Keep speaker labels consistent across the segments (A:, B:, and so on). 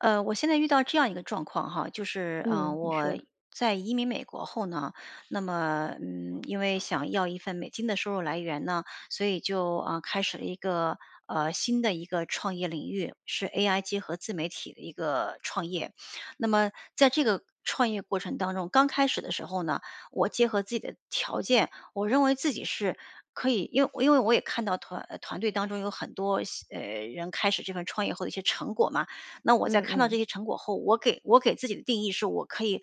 A: 呃，我现在遇到这样一个状况哈，就是，呃，
B: 嗯，你
A: 我
B: 说。
A: 在移民美国后呢，那么，嗯，因为想要一份美金的收入来源呢，所以就，呃，开始了一个，呃，新的一个创业领域，是 AI 结合自媒体的一个创业。那么在这个创业过程当中，刚开始的时候呢，我结合自己的条件，我认为自己是可以因为因为我也看到团呃，团队当中有很多新呃，人开始这份创业后的一些成果嘛。那我在
B: 嗯
A: 看到这
B: 嗯。
A: 些成果后，我给我给自己的定义是，我可以，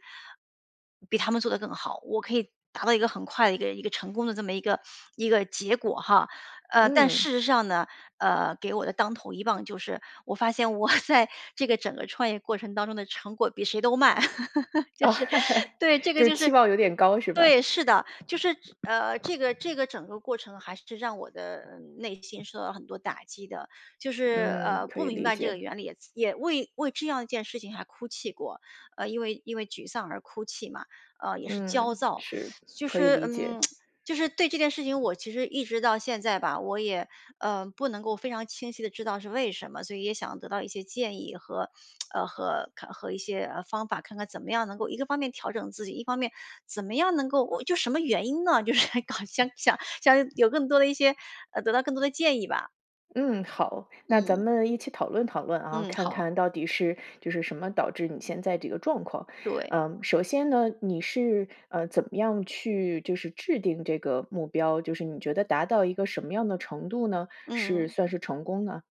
A: 比他们做得更好，我可以达到一个很快的一个一个成功的这么一个一个结果哈。呃，但
B: 嗯。
A: 事实上呢，呃，给我的当头一棒就是，我发现我在这个整个创业过程当中的成果比谁都慢。就是，对，这
B: 就
A: 个
B: 是
A: 就
B: 期
A: 是
B: 望有点高是吧？
A: 对，是的。就是只呃，这个这个整个过程还是让我的内心受到很多打击的，就是，
B: 嗯，
A: 呃，
B: 可
A: 不
B: 以
A: 明
B: 理
A: 白这个
B: 解。
A: 原理，也自也为为这样一件事情还哭泣过，呃，因为因为沮丧而哭泣嘛，呃，也是
B: 嗯，
A: 焦躁。
B: 是，
A: 就
B: 可以
A: 是，
B: 理解。
A: 嗯，就是对这件事情，我其实一直到现在吧，我也，呃，不能够非常清晰地知道是为什么，所以也想得到一些建议和 呃，和看和一些，呃，方法，看看怎么样能够，一个方面调整自己，一方面怎么样能够我就什么原因呢，就是想搞想想想有更多的一些呃，得到更多的建议吧。
B: 嗯，好，那咱
A: 嗯。
B: 们一起讨论讨论啊，
A: 嗯，
B: 看
A: 好。
B: 看到底是就是什么导致你现在这个状况。
A: 对。
B: 呃，首先呢，你是，呃，怎么样去就是制定这个目标，就是你觉得达到一个什么样的程度呢，
A: 嗯
B: 是
A: 嗯。
B: 算是成功呢？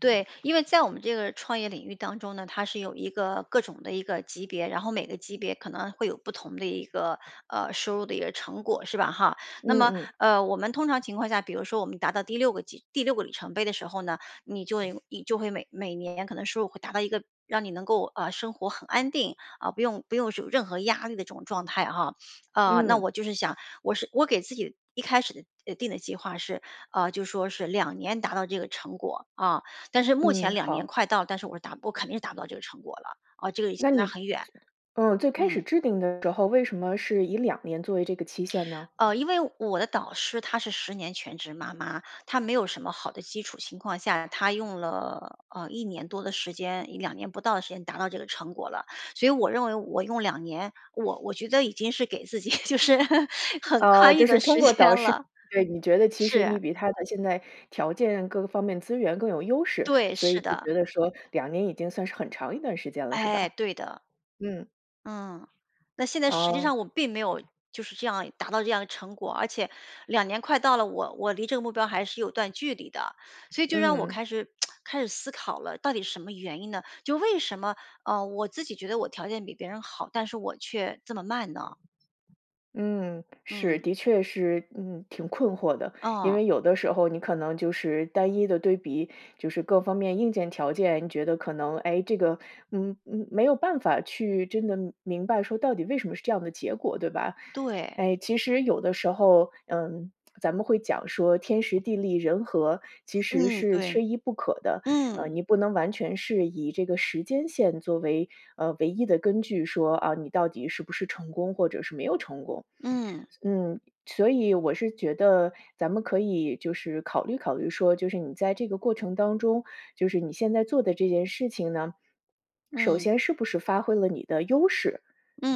A: 对，因为在我们这个创业领域当中呢，它是有一个各种的一个级别，然后每个级别可能会有不同的一个呃，收入的一个成果是吧，哈。那
B: 嗯
A: 么，
B: 嗯。
A: 呃，我们通常情况下，比如说我们达到第6个级第6个里程碑的时候呢，你就会你就会每每年可能收入会达到一个，让你能够，啊，生活很安定，啊，不用不用有任何压力的这种状态哈。啊，那
B: 嗯。
A: 我就是想，我是我给自己一开始的呃，定的计划是，啊，就说是2年达到这个成果，啊。但是目
B: 嗯，
A: 前2年
B: 好。
A: 快到了，但是我是达不我肯定是达不到这个成果了，啊，这个已经
B: 那
A: 落
B: 你最
A: 很远。
B: 嗯，最开始
A: 嗯。
B: 制定的时候，为什么是以2年作为这个期限呢？
A: 呃，因为我的导师她是10年全职妈妈，她没有什么好的基础情况下，她用了，呃，1年多的时间，2年不到的时间达到这个成果了。所以我认为我用2年，我我觉得已经是给自己就是很
B: 啊，
A: 宽裕
B: 就是
A: 的
B: 通
A: 时
B: 过
A: 间
B: 导师
A: 了。
B: 对，你觉得其实你
A: 是。
B: 比她的现在条件各个方面资源更有优势，
A: 对，
B: 所
A: 是
B: 以就
A: 的。
B: 觉得说2年已经算是很长一段时间了，是
A: 哎，
B: 吧？
A: 对的。
B: 嗯。
A: 嗯，那现在实际
B: 哦。
A: 上我并没有，就是这样达到这样的成果。而且，2年快到了，我我离这个目标还是有一段距离的。所以就让我
B: 嗯。
A: 开始 开始思考了到底是什么原因呢？就为什么，呃，我自己觉得我条件比别人好，但是我却这么慢呢？
B: 嗯，是，
A: 嗯。
B: 的确是，嗯，挺困惑的。因
A: 哦。
B: 为有的时候你可能就是单一的对比，就是各方面硬件条件，你觉得可能，诶，这个，嗯嗯，没有办法去真的明白说到底为什么是这样的结果，对吧？
A: 对。
B: 诶，其实有的时候，嗯，咱们会讲说“天时，地利，人和”，其实
A: 嗯，
B: 是
A: 对。
B: 缺一不可的。呃，
A: 嗯。
B: 你不能完全是以这个时间线作为，呃，唯一的根据，说：“啊，你到底是不是成功或者是没有成功。”
A: 嗯。
B: 嗯，所以我是觉得咱们可以就是考虑考虑说就是你在这个过程当中，就是你现在做的这件事情呢，首
A: 嗯。
B: 先是不是发挥了你的优势，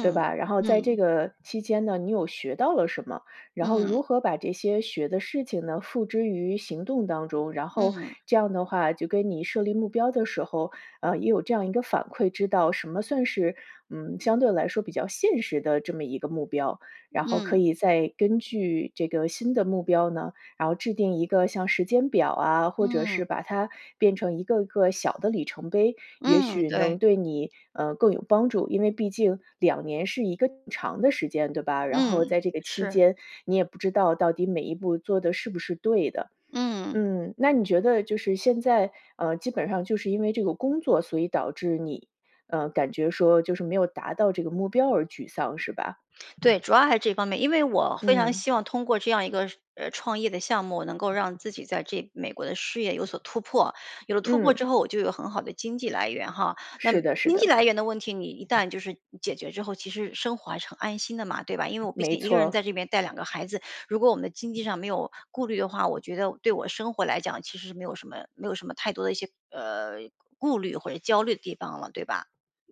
B: 对吧？然后在这
A: 嗯。
B: 个期间呢，你有学到了什么？然后
A: 嗯。
B: 如何把这些学的事情呢，付之于行动当中？然后
A: 嗯。
B: 这样的话，就跟你设立目标的时候，呃，也有这样一个反馈，知道什么算是，嗯，相对来说比较现实的这么一个目标。然后可
A: 嗯。
B: 以再根据这个新的目标呢，然后制定一个像时间表啊，或者是
A: 嗯。
B: 把它变成一个一个小的里程碑，也
A: 嗯，
B: 许
A: 对。
B: 能对你，呃，更有帮助。因为毕竟2年是一个挺长的时间，对吧？然后
A: 嗯，
B: 在这个期
A: 是。
B: 间，你也不知道到底每一步做的是不是对的。
A: 嗯。
B: 嗯，那你觉得就是现在，呃，基本上就是因为这个工作，所以导致你，呃，感觉说就是没有达到这个目标而沮丧，是吧？
A: 对，主要还是这方面。因为我非常
B: 嗯。
A: 希望通过这样一个，呃，创业的项目，能够让自己在这美国的事业有所突破。有了突破
B: 嗯。
A: 之后，我就有很好的经济来源哈。那
B: 是的是
A: 经济
B: 的。
A: 来源的问题，你一旦就是解决之后，其实生活还是很安心的嘛，对吧？因为我毕
B: 没
A: 竟一个人
B: 错。
A: 在这边带2个孩子，如果我们的经济上没有顾虑的话，我觉得对我生活来讲其实是没有什么没有什么太多的一些，呃，顾虑或者焦虑的地方了，对吧？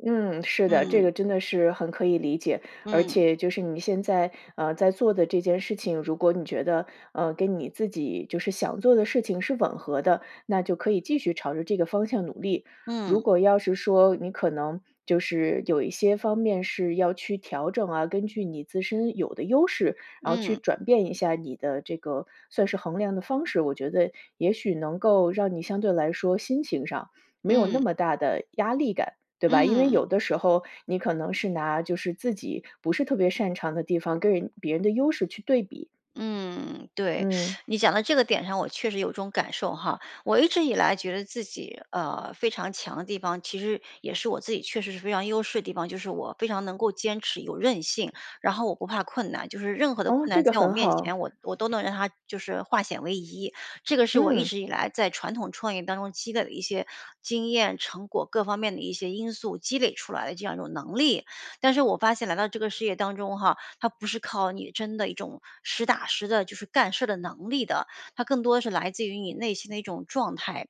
B: 嗯，是的，这
A: 嗯。
B: 个真的是很可以理解。而
A: 嗯。
B: 且就是你现在，呃，在做的这件事情，如果你觉得，呃，跟你自己，就是想做的事情是吻合的，那就可以继续朝着这个方向努力。如
A: 嗯。
B: 果要是说你可能就是有一些方面是要去调整啊，根据你自身有的优势，然后去
A: 嗯。
B: 转变一下你的这个算是衡量的方式，我觉得也许能够让你相对来说心情上，没有
A: 嗯。
B: 那么大的压力感，对吧？因为有
A: 嗯。
B: 的时候，你可能是拿就是自己不是特别擅长的地方跟人别人的优势去对比。
A: 嗯，对，
B: 嗯。
A: 你讲到这个点上，我确实有种感受哈。我一直以来觉得自己，呃，非常强的地方，其实也是我自己确实是非常优势的地方，就是我非常能够坚持有韧性，然后我不怕困难。就是任何的
B: 哦，
A: 困
B: 这
A: 难
B: 个
A: 在我
B: 很
A: 面
B: 好。
A: 前，我我都能让它，就是化险为夷，这个是我一
B: 嗯。
A: 直以来在传统创业当中积累的一些经验、成果，各方面的一些因素积累出来的这样一种能力。但是我发现来到这个事业当中哈，它不是靠你真的一种实打实的就是干事儿的能力的，它更多是来自于你内心的一种状态。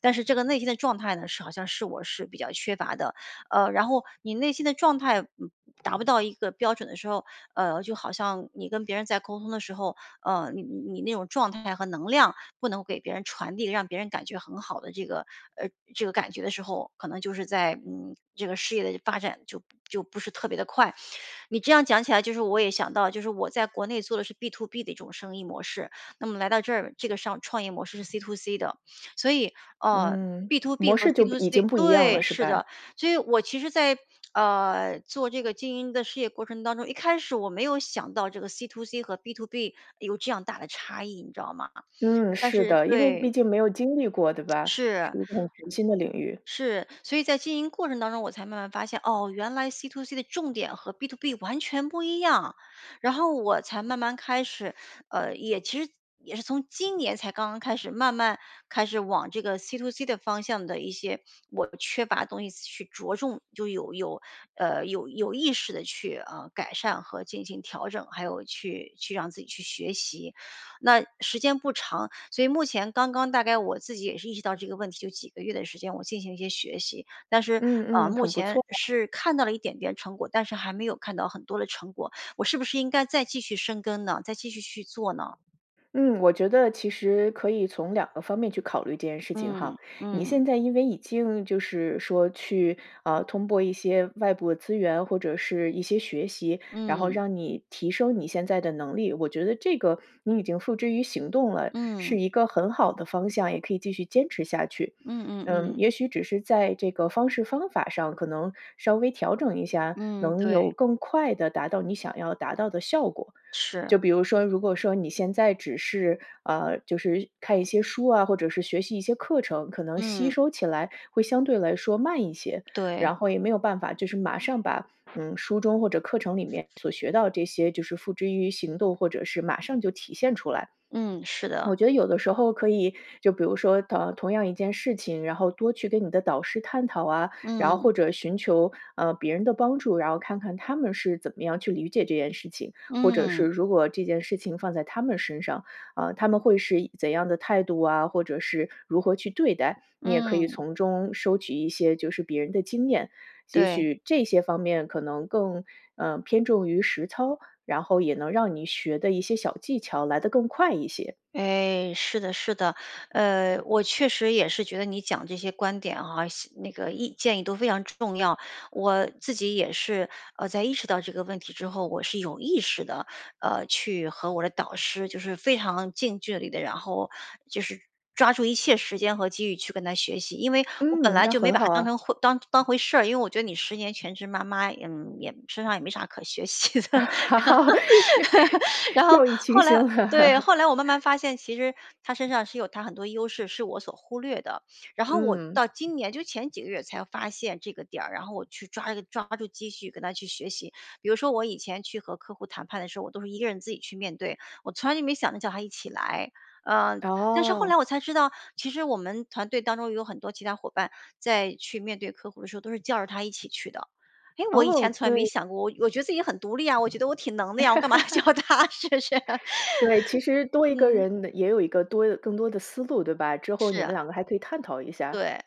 A: 但是这个内心的状态呢，是好像是我是比较缺乏的。呃，然后你内心的状态，嗯，达不到一个标准的时候，呃，就好像你跟别人在沟通的时候，呃，你你你那种状态和能量不能够给别人传递，让别人感觉很好的这个呃，这个感觉的时候，可能就是在，嗯，这个事业的发展就就不是特别地快。你这样讲起来，就是我也想到就是我在国内做的是 B2B 的一种生意模式，那么来到这儿这个商创业模式是 C2C 的。所以，呃
B: 嗯，
A: ，B2B
B: 模
A: 和
B: 式就已经
A: C2C
B: 不一样了
A: 对，
B: 是
A: 是
B: 吧？
A: 的，所以我其实在，啊，做这个经营的事业过程当中，一开始我没有想到这个 C2C 和 B2B 有这样大的差异，你知道吗？
B: 嗯，
A: 但
B: 是
A: 是
B: 的。因为毕
A: 对。
B: 竟没有经历过，对吧？
A: 是，
B: 是一种全新的领域。
A: 是。所以在经营过程当中我才慢慢发现，哦，原来 C2C 的重点和 B2B 完全不一样。然后我才慢慢开始，呃，也其实也是从今年才刚刚开始慢慢开始往这个 C2C 的方向的一些，我缺乏的东西去着重就有有，呃，有有意识地去，呃，改善和进行调整，还有去去让自己去学习。那时间不长，所以目前刚刚大概我自己也是意识到这个问题，有几个月的时间，我进行一些学习。但是，呃，
B: 嗯嗯，
A: 目
B: 很不
A: 前
B: 错啊。
A: 是看到了一点点成果，但是还没有看到很多的成果。我是不是应该再继续深耕呢，再继续去做呢？
B: 嗯，我觉得其实可以从2个方面去考虑这件事情哈。
A: 嗯，
B: 你
A: 嗯。
B: 现在因为已经，就是说去，啊，通过一些外部资源，或者是一些学习，然后
A: 嗯。
B: 让你提升你现在的能力。我觉得这个你已经付之于行动了，
A: 嗯。
B: 是一个很好的方向，也可以继续坚持下去。
A: 嗯嗯
B: 嗯，
A: 嗯。
B: 也许只是在这个方式方法上，可能稍微调整一下，
A: 嗯，
B: 能
A: 对。
B: 有更快地达到你想要达到的效果。
A: 是。
B: 就比如说，如果说你现在只是，啊，就是看一些书啊，或者是学习一些课程，可能吸
A: 嗯。
B: 收起来会相对来说慢一些。
A: 对。
B: 然后也没有办法，就是马上把，嗯，书中或者课程里面所学到这些，就是付之于行动，或者是马上就体现出来。
A: 嗯，是的。
B: 我觉得有的时候可以就比如说，同同样一件事情，然后多去跟你的导师探讨啊，然后
A: 嗯。
B: 或者寻求，呃，别人的帮助，然后看看他们是怎么样去理解这件事情，或者是
A: 嗯。
B: 如果这件事情放在他们身上，啊，他们会是一怎样的态度啊，或者是如何去对待。你也可以
A: 嗯。
B: 从中收集一些就是别人的经验，也
A: 对。
B: 许这些方面可能更，呃，偏重于实操，然后也能让你学的一些小技巧来得更快一些。
A: 诶，是的是的。呃，我确实也是觉得你讲这些观点啊，系那个意建议都非常重要。我自己也是，呃，在意识到这个问题之后，我是有意识地，呃，去和我的导师就是非常近距离地然后就是抓住一切时间和机遇去跟她学习。因为我本
B: 嗯，
A: 来
B: 那
A: 就没
B: 很
A: 把她
B: 好
A: 当
B: 啊。
A: 成回当当回事儿，因为我觉得你10年全职妈妈，嗯，也身上也没啥可学习的。然 后 然后
B: 掉以轻
A: 后
B: 心
A: 来对，
B: 了。
A: 后来我慢慢发现，其实她身上是有她很多优势是我所忽略的。然后我
B: 嗯。
A: 到今年，就前几个月才发现这个点儿，然后我去抓一个抓住机会跟她去学习。比如说我以前去和客户谈判的时候，我都是一个人自己去面对，我从来就没想着叫她一起来。呃，但是后来
B: 哦。
A: 我才知道，其实我们团队当中有很多其他伙伴在去面对客户的时候都是叫着她一起去的。哎，我以
B: 哦，
A: 前从来没
B: 对。
A: 想过，我我觉得自己很独立啊，我觉得我挺能的呀，我干嘛叫 她是不是？
B: 对，其实多一个
A: 嗯。
B: 人也有一个多更多的思路，对吧？之后
A: 是
B: 你们
A: 啊。
B: 两个还可以探讨一下。
A: 对，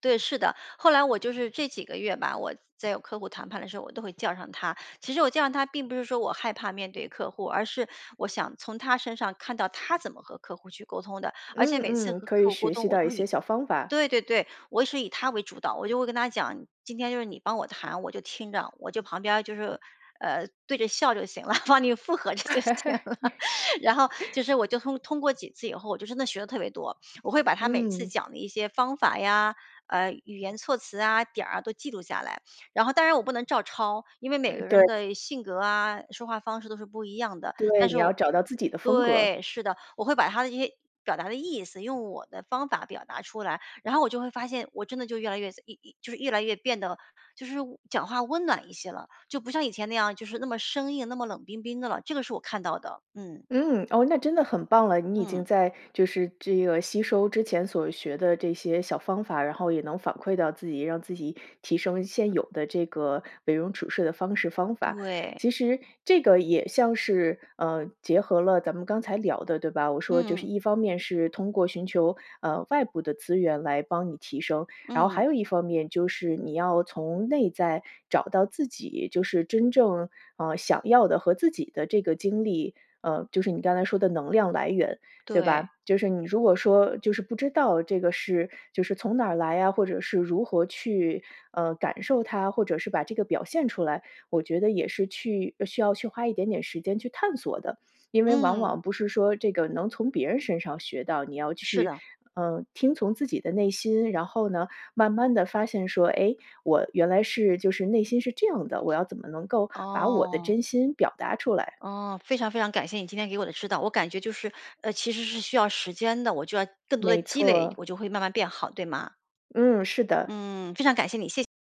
A: 对，是的。后来我就是这几个月吧，我在有客户谈判的时候，我都会叫上她。其实我叫上她并不是说我害怕面对客户，而是我想从她身上看到，她怎么和客户去沟通的。而且每次
B: 嗯嗯，
A: 和
B: 可
A: 客
B: 以
A: 户沟
B: 学
A: 通
B: 习
A: 我
B: 到
A: 都
B: 一些
A: 以
B: 小方法。
A: 对对对，我是以她为主导。我就会跟她讲：“今天就是你帮我谈，我就听着”，我就旁边儿就是，呃，对着笑就行了，帮你附和着就行了。然后就 是，我就通通过几次以后，我就真的学得特别多。我会把她每次
B: 嗯。
A: 讲的一些方法呀，呃，语言措辞啊，点儿啊，都记录下来。然后当然我不能照抄，因为每个人
B: 对。
A: 的性格啊，说话方式都是不一样的。
B: 对，
A: 但
B: 你
A: 是
B: 要
A: 我
B: 找到自己的风格。
A: 对，是的，我会把她的这些表达的意思，用我的方法表达出来。然后我就会发现，我真的就越来越自一一就是越来越变得就是讲话温暖一些了，就不像以前那样，就是那么生硬，那么冷冰冰的了。这个是我看到的，嗯。
B: 嗯，哦，那真的很棒了。你已经
A: 嗯。
B: 在就是这个吸收之前所学的这些小方法，然后也能反馈到自己，让自己提升现有的这个，为人处事的方式方法。
A: 对。
B: 其实这个也像是，呃，结合了咱们刚才聊的对吧？我说就是
A: 嗯。
B: 一方面是通过寻求，呃，外部的资源来帮你提升，然后还
A: 嗯。
B: 有一方面就是你要从内在找到自己，就是真正，呃，想要的和自己的这个经历。呃，就是你刚才说的能量来源，对
A: 对。
B: 吧？就是你如果说就是不知道这个是就是从哪儿来啊，或者是如何去，呃，感受它，或者是把这个表现出来，我觉得也是去需要去花一点点时间去探索的。因为往
A: 嗯。
B: 往不是说这个能从别人身上学到，你要
A: 是
B: 去，
A: 的。
B: 呃，听从自己的内心，然后呢慢慢地发现说：“诶，我原来是就是内心是这样的，我要怎么能够把我的
A: 哦。
B: 真心表达出来”。
A: 哦，非常非常感谢你今天给我的指导。我感觉就是，呃，其实是需要时间的，我就要更多地
B: 没
A: 积累，
B: 错。
A: 我就会慢慢变好，对吗？
B: 嗯，是的。
A: 嗯，非常感谢你，谢谢。